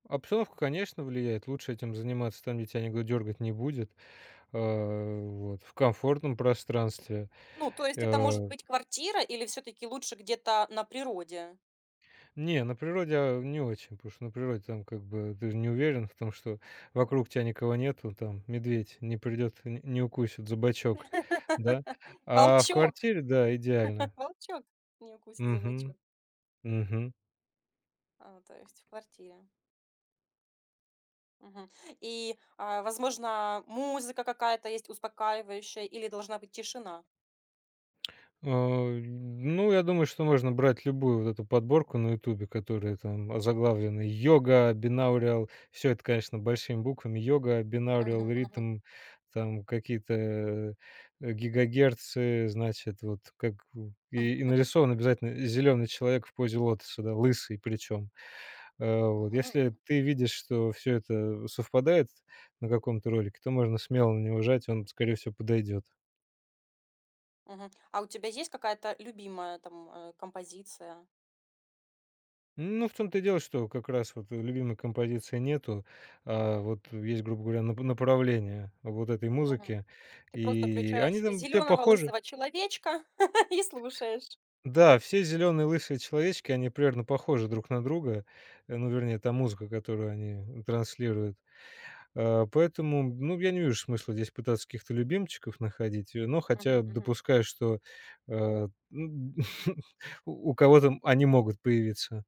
Обстановка, конечно, влияет. Лучше этим заниматься там, где тя никто дергать не будет. А, вот в комфортном пространстве, Ну, то есть, это может э быть квартира, или всё-таки лучше где-то на природе? Не, на природе, а, не очень, потому что на природе там как бы, ты же не уверен в том, что вокруг тя никого нету, там, медведь не придет, не не укусит за бочок, да. А в Волчок квартире- да, идеально. волчок не укусит за Мгм. бочок. Мгм. А, то есть в квартире. Мгм. И, а, возможно, музыка какая-то есть успокаивающая, или должна быть тишина? А, ну, я думаю, что можно брать любую вот эту подборку на "Ютубе", которая там озаглавлена "Yoga binaural". Всё это, конечно, большими буквами "Yoga binaural Мгм, мгм. rhythm", там какие-то, э, гигагерцы. Значит, вот как в и и нарисован обязательно зелёный человек в позе лотоса, да. Лысый, причём, э, вот. Мгм. Если ты видишь, что всё это совпадает на каком-то ролике, то можно смело на него жать, он, скорее всего, подойдёт. Мгм. А у тебя есть какая-то любимая там, э, композиция? Ну, в том-то и дело, что как раз вот любимой композиции нету. А, вот есть, грубо говоря, нап направление вот этой Мгм. музыки. Ты просто И они включаешь там все зелёного похожи. лысого человечка и слушаешь. Да, все зелёные лысые человечки, они примерно похожи друг на друга. Э, ну, вернее, та музыка, которую они, транслируют. А, поэтому, ну, я не вижу смысла здесь пытаться каких-то любимчиков находить. Э, но Мгм, хотя мгм. допускаю, что, э, у у кого-то они могут появиться.